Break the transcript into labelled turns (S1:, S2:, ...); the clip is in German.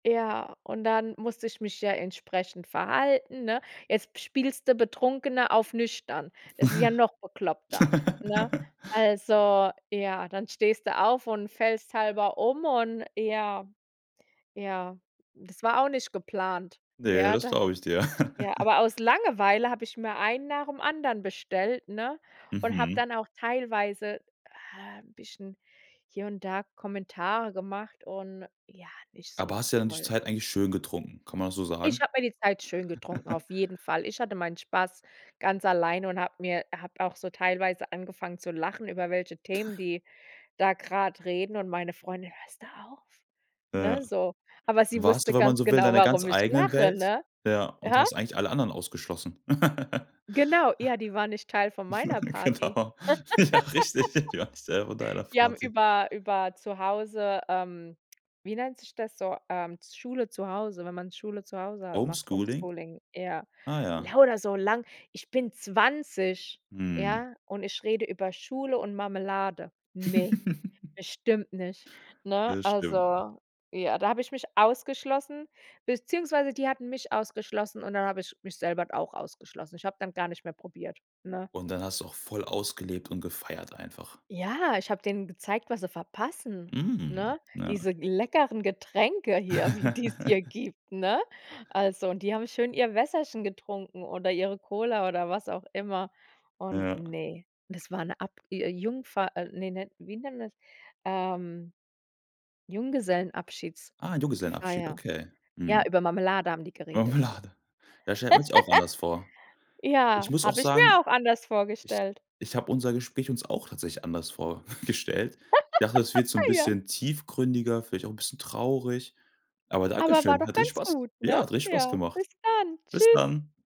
S1: Ja, und dann musste ich mich ja entsprechend verhalten, ne? Jetzt spielst du Betrunkene auf nüchtern. Das ist ja noch bekloppter, ne? Also, ja, dann stehst du auf und fällst halber um und ja, ja, das war auch nicht geplant.
S2: Ne,
S1: Ja,
S2: das
S1: da
S2: glaube ich dir.
S1: ja, aber aus Langeweile habe ich mir einen nach dem anderen bestellt, ne? Und habe
S2: Mhm.
S1: dann auch teilweise, ah, bisschen, hier und da Kommentare gemacht und ja, nicht
S2: Aber
S1: so
S2: hast ja dann die
S1: toll.
S2: Zeit eigentlich schön getrunken, kann man das so
S1: Ich
S2: sagen?
S1: hab mir die Zeit schön getrunken, auf jeden Fall. Ich hatte meinen Spaß ganz alleine und hab mir hab auch so teilweise angefangen zu lachen, über welche Themen, die da grad reden und meine Freundin: „Hörst du auf“,
S2: Ja.
S1: ne? so. Aber sie
S2: Warst
S1: wusste
S2: du, wenn man
S1: ganz
S2: so will, in
S1: genau,
S2: deiner ganz
S1: warum ich
S2: eigenen
S1: lache,
S2: Welt?
S1: ne?
S2: Ja. Und
S1: Hä?
S2: hast eigentlich alle anderen ausgeschlossen.
S1: Genau, ja, die war nicht Teil von meiner Party.
S2: Genau, ja, richtig, die waren nicht Teil von deiner
S1: Die haben
S2: Party.
S1: über über zu Hause, ähm, wie nennt sich das so, ähm, z Schule zu Hause, wenn man Schule zu Hause macht,
S2: Homeschooling?
S1: Homeschooling, ja.
S2: Ah, ja.
S1: Lauter so lang ich bin 20,
S2: Mhm.
S1: ja, und ich rede über Schule und Marmelade. Ne, bestimmt nicht, ne?
S2: Das stimmt.
S1: Also, ja, da hab ich mich ausgeschlossen beziehungsweise die hatten mich ausgeschlossen und dann hab ich mich selber auch ausgeschlossen. Ich hab dann gar nicht mehr probiert, ne?
S2: Und dann hast du auch voll ausgelebt und gefeiert einfach.
S1: Ja, ich hab denen gezeigt, was sie verpassen,
S2: Mhm.
S1: ne? Diese
S2: Ja.
S1: leckeren Getränke hier, wie die's hier gibt, ne? Also, und die haben schön ihr Wässerchen getrunken oder ihre Cola oder was auch immer. Und
S2: Ja.
S1: ne, das war 'ne Ab Jungfahrt äh, ne, wie nennt man das? Ähm,
S2: Ah, Jugesellenabschied,
S1: Junggesellenabschiedsfeier.
S2: okay.
S1: Ja,
S2: Hm.
S1: über Marmelade haben die geredet.
S2: Marmelade. Das stellt man sich auch anders vor. Ich
S1: Ja,
S2: muss auch
S1: habe ich mir
S2: sagen,
S1: auch anders
S2: ich
S1: vorgestellt.
S2: ich hab unser Gespräch uns auch tatsächlich anders vorgestellt. Ich dachte, das wird so 'n
S1: Ja.
S2: bisschen tiefgründiger, vielleicht auch bisschen traurig. Aber
S1: Aber war
S2: dankeschön.
S1: doch
S2: Hat richtig
S1: ganz
S2: Spaß
S1: gut, ne?
S2: ja, hat richtig Spaß
S1: Ja,
S2: gemacht.
S1: bis dann.
S2: Bis
S1: Tschüss.
S2: dann.